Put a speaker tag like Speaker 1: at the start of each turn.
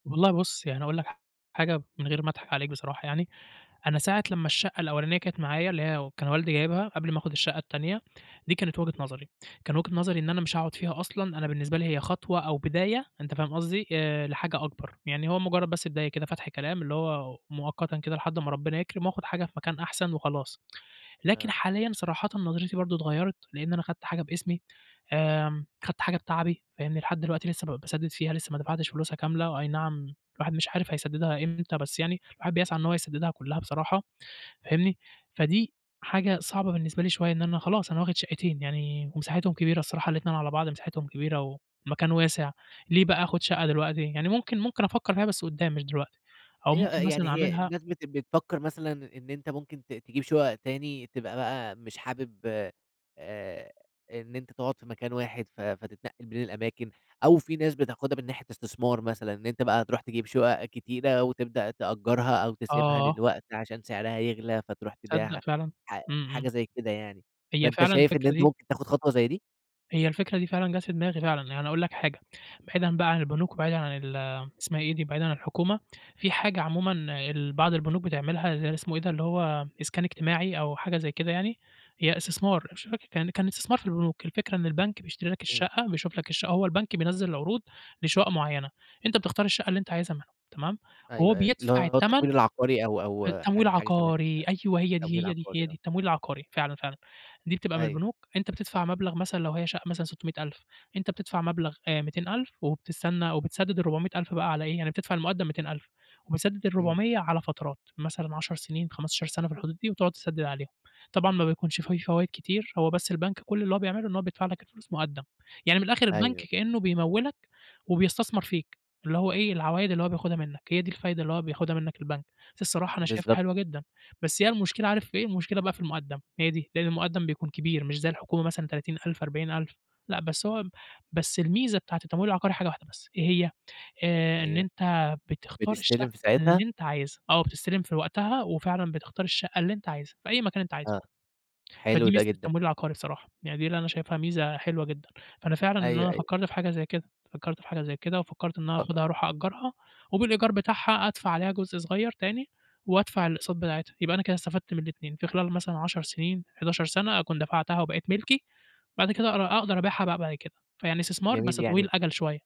Speaker 1: والله بُص، يعني أقول لك ح حاجة من غير ما أضحك عليك بصراحة يعني، أنا ساعة لمّا الشَّقَّة الأولانية كانت معايا، اللي هي كان والدي جايبها، قبل ما آخُد الشّقّة التانية، دي كانت وجهة نظري، كان وجهة نظري إن أنا مش هاقعد فيها أصلًا، أنا بالنسبة لي هي خطوة أو بداية، أنت فاهم قصدي، آآ لحاجة أكبر، يعني هو مُجرّد بس بداية كده فتح كلام، اللي هو مؤقتًا كده لحد ما ربنا يكرم، وآخد حاجة في مكان أحسن وخلاص، لكن
Speaker 2: آه.
Speaker 1: حاليًا صراحةً نظرتي برضه اتغيّرت، لإن أنا خدت حاجة باسمي، آمم خدت حاجة بِتَعَبِي فاهمني، لحد دلوقتي لسه ب باسدِّد فيها، لسه ما دفعتش فلوسها كاملة، وآينعم الواحد مش عارف هيسدّدها إمتى، بس يعني الواحد بيسعى إن هو يسدّدها كُلّها بصراحة فاهمني، فدي حاجة صعبة بالنسبة لي شوية، إن أنا خلاص أنا واخد شَقَّتين، يعني مساحتهم كبيرة الصراحة الاتنين على بعض، مساحتهم كبيرة والمكان واسع، ليه بقى آخد
Speaker 2: إمم.
Speaker 1: شَقّة دلوقتي، يعني ممكن، ممكن أفكر فيها بس قُدَّام مش دلوقتي، أو
Speaker 2: أيوه، آآ
Speaker 1: ممكن
Speaker 2: يعني
Speaker 1: مثلًا
Speaker 2: هي
Speaker 1: أعملها
Speaker 2: الناس بت بتفكر مثلًا إن أنت ممكن ت تجيب شُقق تاني، تبقى بقى مش حابب آآ إن أنت تقعد في مكان واحد، ف فتتنقل بين الأماكن، أو في ناس بتاخدها من ناحية إستثمار مثلًا، إن أنت بقى تروح تجيب شُقق كتيرة، وتبدأ تأجَّرها أو تسيبها
Speaker 1: آه.
Speaker 2: للوقت عشان سعرها يغلى، فتروح
Speaker 1: تصدق
Speaker 2: تبيعها،
Speaker 1: فعلًا،
Speaker 2: ح
Speaker 1: إمم، إمم.
Speaker 2: حاجة زي كده يعني،
Speaker 1: هي
Speaker 2: فانت
Speaker 1: فعلًا
Speaker 2: شايف إن
Speaker 1: الفكرة
Speaker 2: أنت
Speaker 1: دي
Speaker 2: ممكن تاخد خطوة زي دي؟
Speaker 1: هي الفكرة دي فعلًا جات في دماغي فعلًا، يعني هاقول لك حاجة، بعيدًا بقى عن البنوك، وبعيدًا عن ال اسمها إيه دي، بعيدًا عن الحكومة، في حاجة عمومًا ال بعض البنوك بتعملها اسمه إيه ده، اللي هو إسكان اجتماعي أو حاجة زي كده يعني، هي استثمار مش فاكر كان كان استثمار في البنوك، الفكرة إن البنك بيشتري لك
Speaker 2: إمم.
Speaker 1: الشَّقّة، بيشوف لك الشَّقَّة، هو البنك بينزّل العروض لشُقق مُعيّنة، أنت بتختار الشّقّة اللي أنت عايزها منهم تمام، وهو
Speaker 2: أيوه، أيوه، أللي
Speaker 1: بيدفع
Speaker 2: هو
Speaker 1: التمن
Speaker 2: التمويل العقاري أو
Speaker 1: ت
Speaker 2: أو
Speaker 1: تمويل
Speaker 2: حاجة حاجة شبه
Speaker 1: عقاري
Speaker 2: كده،
Speaker 1: أيوه، هي دي،
Speaker 2: تمويل
Speaker 1: هي دي، هي
Speaker 2: عقاري
Speaker 1: دي،
Speaker 2: آه.
Speaker 1: التّمويل العقاري فعلًا، فعلًا، دي بتبقى من
Speaker 2: أيوه.
Speaker 1: البنوك، أنت بتدفع مبلغ مثلًا لو هي شقة مثلًا 600.0000 أنت بتدفع مبلغ آآ 200.000 وبتستنى وبتسدِّد ال400.000 بقى على إيه، يعني بتدفع المُقدم 200.000 وبتسدِّد
Speaker 2: إمم.
Speaker 1: ال400 على فترات، مثلًا 10 سنين 15 سنة في الحدود دي، وتقعد تسدِّد عليها، طبعًا ما بيكونش في فوايد كتير، هو بس البنك كُلّ اللي هو بيعمله إن هو بيدفع لك الفلوس مُقدَّم، يعني من الآخرالبنك
Speaker 2: أيوه.
Speaker 1: كأنّه بيموّلك وبيستثمر فيك، اللي هو إيه العوايد اللي هو بياخدها منك، هي دي الفايدة اللي هو بياخدها منك البنك، بس الصراحة أنا شايفها
Speaker 2: بالضبط.
Speaker 1: حلوة جدًا، بس هي المشكلة عارف في إيه، المشكلة بقى في الُمقدم، هي دي لإن المُقدَّم بيكون كبير مش زي الحكومة مثلًا 30.000 40.0000 لأ، بس هوب بس الميزة بتاعة التمويل العقاري حاجة واحدة بس إيه هي؟ آآ إن
Speaker 2: أيوه،
Speaker 1: أنت بتختار الشّقّة
Speaker 2: بتستلم في ساعتها؟
Speaker 1: اللي أنت عايزها آه، بتستلم في وقتها، وفعلًا بتختار الشقة اللي أنت عايزها في أي مكان أنت عايزه،
Speaker 2: آه، حلو
Speaker 1: فدي
Speaker 2: ده
Speaker 1: ميزة
Speaker 2: جدًا.
Speaker 1: التمويل العقاري بصراحة. يعني دي اللي أنا شايفها ميزة حلوة جدًا، فأنا فعلًا إن
Speaker 2: أيوه،
Speaker 1: أنا
Speaker 2: أيوه.
Speaker 1: فكرت في حاجة زي كده، فكرت في حاجة زي كده، وفكرت إن أنا
Speaker 2: أ
Speaker 1: آخدها أروح أأجرها، وبالإيجار بتاعها أدفع عليها جزء صغير تاني، وأدفع الأقساط بتاعتها، يبقى أنا كده استفدت من الإتنين، في خلال مثلًا 10 سنين، 11 سنة، أكون دفعتها وبقت ملكي، وبعد كده أر أقدر أبيعها بقى بعد كده، فيعني إستثمار
Speaker 2: جميل
Speaker 1: بس طويل
Speaker 2: يعني
Speaker 1: الأجل شوية.